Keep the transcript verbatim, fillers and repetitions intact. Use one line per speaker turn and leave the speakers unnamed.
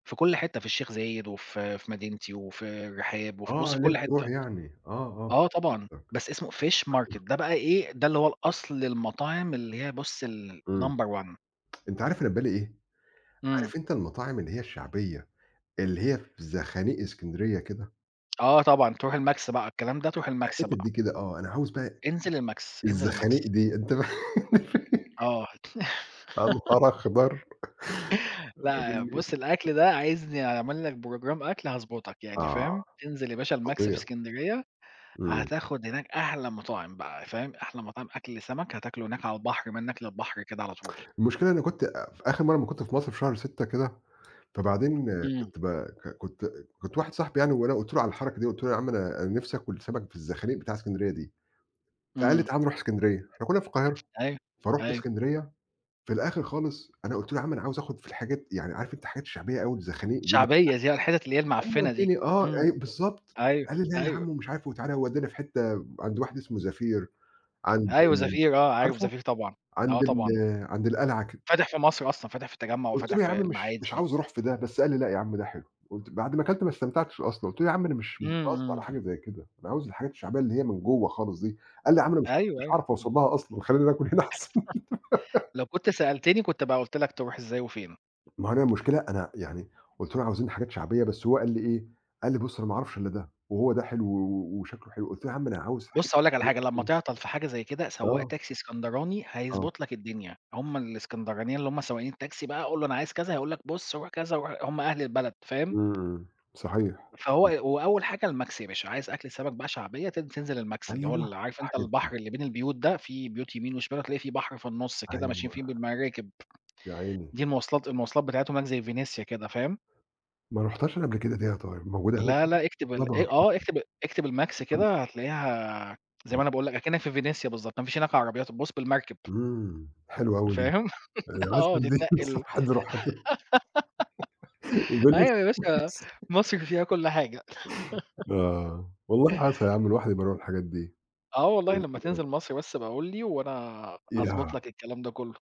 في كل حتّة، في الشيخ زايد، وفي في مدينتي وفي الرحاب، وفي بُص
آه،
في
ليه
كل
تروح
حتّة.
يعني؟ آه،
آه
آه.
طبعًا، بس اسمه Fish Market
[unintelligible]
ده بقى إيه؟ ده اللي هو الأصل المطاعم اللي هي بُص
أمم.
الnumber one.
أنت عارف أنا في بالي إيه؟
إمم.
عارف أنت المطاعم اللي هي الشعبية، اللي هي في زخانيق اسكندرية كده؟
آه طبعًا، تروح الماكس بقى، الكلام ده تروح الماكس
الحتت دي
بقى.
كده آه، أنا عاوز بقى
انزل الماكس، انزل الماكس.
الزخانيق دي. أنت ف
آه. هت
يا نهار أخضر.
لأ، بُص
[unintelligible]
الأكل ده عايزني أعمل لك program أكل هاضبطك يعني، فاهم؟
آه،
انزل يا باشا الماكس في
فظيع.
إسكندرية،
أمم.
هتاخد هناك أحلى مطاعم بقى، فاهم؟ أحلى مطاعم أكل سمك هتاكله هناك على البحر، منك للبحر كده على طول.
المشكلة إني كنت في آخر مرة اما كنت في مصر في شهر ستة كده، فبعدين
إمم.
كنت ب ك كت، كنت واحد صاحبي يعني وأنا قُلت له على الحركة دي، قُلت له يا عم أنا نفْسي آكل سمك في الزخانيق بتاعة اسكندرية دي، فقال لي
إمم.
تعال نروح اسكندرية إحنا كنا في القاهرة.
أيوه،
فرُحت
أيوه.
اسكندرية. في الآخر خالص أنا قُلت له يا عم أنا عاوز آخد في الحاجات يعني عارف أنت الحاجات الشعبية أوي الزخانيق دي
شعبية دي آه، الحتت اللي هي
[unintelligible] هو
المعفنة دي،
ودّاني آه،
إمم،
أيوه بالضبط.
أيوه،
قال لي لأ يا
أيوه.
عم ومش عارف وتعالَ وودّانا في حتّة عند واحد اسمه زفير عند
أيوه زفير آه، عارف
عارفه؟
زفير طبعًا، آه
عند ال
طبعًا.
عند القلعة كده.
فاتح في مصر أصلًا، فاتح في التجمع،
قُلت
وفاتح
له يا عم
في
مش مش
المعادي.
عاوز أروح في ده، بس قال لي لأ يا عم ده حلو قُلت بعد ما كلت ما استمتعتش أصلًا. قُلت له: "يا عم أنا مش مش
إمم،
[unintelligible] على
إمم.
حاجة زي كده. أنا عاوز الحاجات الشعبية اللي هي من جوّه خالص دي." قال لي: "يا عم أنا مش، مش
أيوه، أيوه،
هاعرف
إمم.
أوصلها أصلًا. خلينا ناكل هنا أحسن."
لو كنت سألتني كنت بقى قُلت لك تروح إزاي وفين.
ما هو هنا المشكلة أنا يعني قُلت له: "عاوزين حاجات شعبية" بس هو قال لي إيه؟ قال لي: "بُص أنا ما أعرفش إلا ده. وهو ده حلو و وشكله حلو،" قُلت له: "يا عم أنا عاوز حاجات"
بُص هاقول لك على حاجة، لما
[unintelligible]
تعطل في حاجة زي كده، سواق
آه.
تاكسي إسكندراني
آه.
هيضبط لك الدنيا. هُم الإسكندرانيين اللي هُم سواقين التاكسي بقى، قُل له: "أنا عايز كذا" هيقول لك: "بُص روح كذا، روح-" هُم أهل البلد، فاهم؟
امم، صحيح.
فهو
امم.
وأول حاجة الماكس يا باشا. عايز أكلة سمك بقى شعبية تن-تنزل الماكس اللي هو
أيوه،
ال عارف أنت
الحاجات دي.
البحر اللي بين البيوت ده، فيه بيوت يمين وشمال وهتلاقي فيه بحر في النص كده ماشيين
أيوه.
فيه بالمراكب.
يا عيني.
دي المواصلات، المواصلات بتاعتهم هناك زي فينيسيا كده، فاهم؟
ما رُحتهاش أنا قبل كده دي يا طارق، موجودة هناك
لا،
دي؟
لأ اكتب ال
طبعًا
آآ، آه اكتب، اكتب الماكس
[unintelligible]
كده هتلاقيها زي ما أنا باقول لك أكنك في فينيسيا بالضبط، ما فيش هناك عربيات، بُص بالمركب.
امم، حلوة أوي دي.
فاهم؟
عايز
آه
من دي.
تتنقِل.
[unintelligible]
أيوه يا باشا
فينيسيا
مصر فيها كل حاجة.
آه. والله عسل يا عم الواحد يبقى يروح الحاجات دي.
آه والله لما تنزل
[unintelligible]
مصر بس أبقى قُل لي، وأنا أضبط
ياه!
لك الكلام ده كله.